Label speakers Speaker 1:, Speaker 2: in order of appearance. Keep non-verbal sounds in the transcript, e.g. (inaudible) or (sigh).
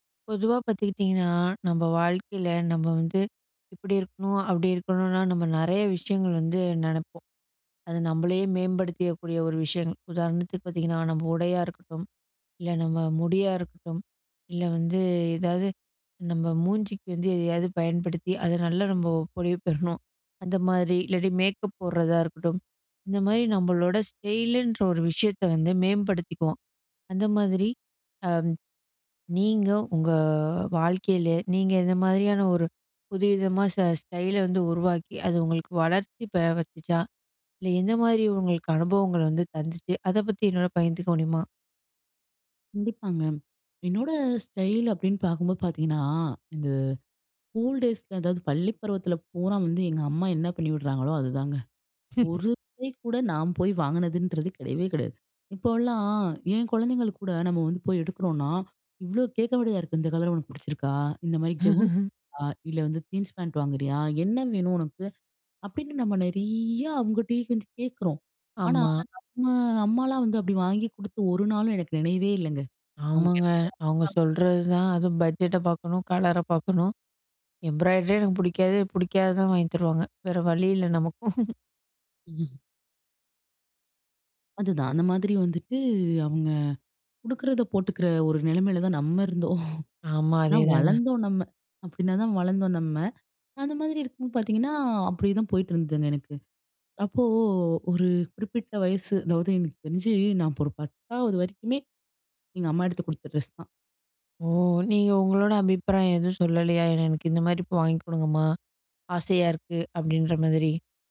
Speaker 1: பொதுவா பாத்துக்கிட்டிங்கன்னா, நம்ம வாழ்க்கையில, நம்ம வந்து, இப்படி இருக்கணும், அப்படி இருக்கணுனா நம்ம நெறய விஷயங்கள் வந்து நெனப்போம். அது நம்மளையே மேம்படுத்தியக்கக்கூடிய ஒரு விஷய. உதாரணத்துக்கு பாத்திங்கன்னா, நம்ம உடையா இருக்கட்டும். இல்ல, நம்ம முடியா இருக்கட்டும். இல்ல வந்து, ஏதாவது நம்ம மூஞ்சிக்கு வந்து எதையாவது பயன்படுத்தி, அத நல்லா நம்ம பொலிவு பெறணும். அந்த மாரி, இல்லாட்டி மேக்கப் போட்றதா இருக்கட்டும். இந்த மாரி நம்மளோட ஸ்டைலுன்ற ஒரு விஷயத்த வந்து மேம்படுத்திக்குவோம். அந்த மாதிரி. அ. நீங்க உங்க வாழ்க்கையில, நீங்க இந்த மாதிரியான ஒரு புது விதமா ஸ ஸ்டைல வந்து உருவாக்கி, அது உங்களுக்கு வளர்ச்சி வந்துச்சா? இல்ல எந்த மாதிரி உங்களுக்கு அனுபவங்கள் வந்து தந்துச்சு? அத பத்தி என்னோட பகிர்ந்துக்க முடியுமா?
Speaker 2: கண்டிப்பாங்க. என்னோட ஸ்டைல் அப்படின்னு பாக்கும்போது பார்த்திங்கன்னா, அது கூல் டேய்ஸ் அதாவது பள்ளி பருவத்தில பூரா வந்து, எங்க அம்மா என்ன பண்ணி விட்றாங்களோ, அதுதாங்க. ஒரு
Speaker 1: (laughs)
Speaker 2: டைம் கூட நான் போய் வாங்கினதுன்றது கிடையவே கிடையாது. இப்போலாம் என் குழந்தைங்களுக்கு கூட, நம்ம வந்து போய் எடுக்குறோம்னா, இவ்வளோ கேக்க வேண்டிதா இருக்கு. இந்த கலர் உனக்கு பிடிச்சிருக்கா? இந்த மாரி கவுனு
Speaker 1: (chuckles)
Speaker 2: அ இல்ல வந்து ஜீன்ஸ், பேண்ட் வாங்குறியா? என்ன வேணும் உனக்கு? அப்படின்னு நம்ம நெறயா அவங்கட்டயே வந்து கேக்குறோம். ஆனா,
Speaker 1: ஆமா.
Speaker 2: நம்ம அம்மாலாம் வந்து அப்படி வாங்கி கொடுத்து ஒரு நாளும் எனக்கு நினைவே இல்லங்க. அவங்க
Speaker 1: ஆமாங்க.
Speaker 2: என்ன
Speaker 1: அவங்க
Speaker 2: (unintelligible)
Speaker 1: சொல்றதுதான். அதுவு பட்ஜெட்ட பாக்கணும். கலர பாக்கணும். எம்ப்ராய்டரியே எனக்கு பிடிக்காது. பிடிக்காதது தான் வாங்கித் தருவாங்க. வேற வழி இல்ல, நமக்கும்.
Speaker 2: (chuckles) அதுதான். அந்த மாதிரி வந்துட்டு, அவங்க கொடுக்கறத போட்டுக்கிற ஒரு நிலைமையில தான் நம்ம இருந்தோம்.
Speaker 1: ஆமா.
Speaker 2: ஆனா
Speaker 1: அதேதாங்க.
Speaker 2: வளந்தோம் நம்ம. அப்படினா தான் வளர்ந்தோம் நம்ம. அந்த மாதிரி இருக்கும்போ பாத்திங்கன்னா, அப்படியேதான் போயிட்டுருந்ததுங்க எனக்கு. அப்போ ஒரு குறிப்பிட்ட வயசு, அதாவது எனக்கு தெரிஞ்சு, நான் அப்ப ஒரு 10 வரைக்குமே, எங்க அம்மா எடுத்து கொடுத்த ட்ரெஸ் தான்.
Speaker 1: ஓ! நீங்க உங்களோட அபிப்பிராயம் எதுவும் சொல்லலயா? எனக்கு இந்த மாதிரி இப்போ வாங்கிக் கொடுங்கம்மா. ஆசையா இருக்கு, அப்படின்ற மாதிரி.